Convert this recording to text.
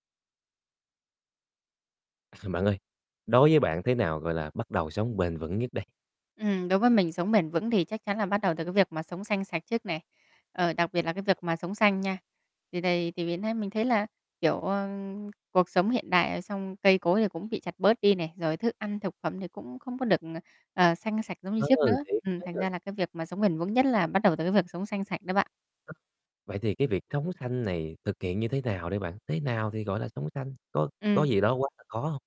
Bạn ơi, đối với bạn thế nào gọi là bắt đầu sống bền vững nhất đây? Ừm, đối với mình, sống bền vững thì chắc chắn là bắt đầu từ cái việc mà sống xanh sạch trước này, ờ, đặc biệt là cái việc mà [unintelligible] sống xanh nha. Thì đầy thì [unintelligible] nay mình thấy là, kiểu, ờ, cuộc sống hiện đại, ờ, xong cây cối thì cũng bị chặt bớt đi này, rồi thức ăn thực phẩm thì cũng không có được, ờ, ờ, xanh, sạch giống như trước Ừ, nữa, thiệt ừm, thành ha! ra là cái việc mà sống bền vững nhất là bắt đầu từ cái việc sống xanh sạch đấy bạn. [unintelligible] Vậy thì cái việc sống xanh này thực hiện như thế nào đây bạn, thế nào thì gọi là sống xanh, có có Ừm. gì đó quá là khó hông?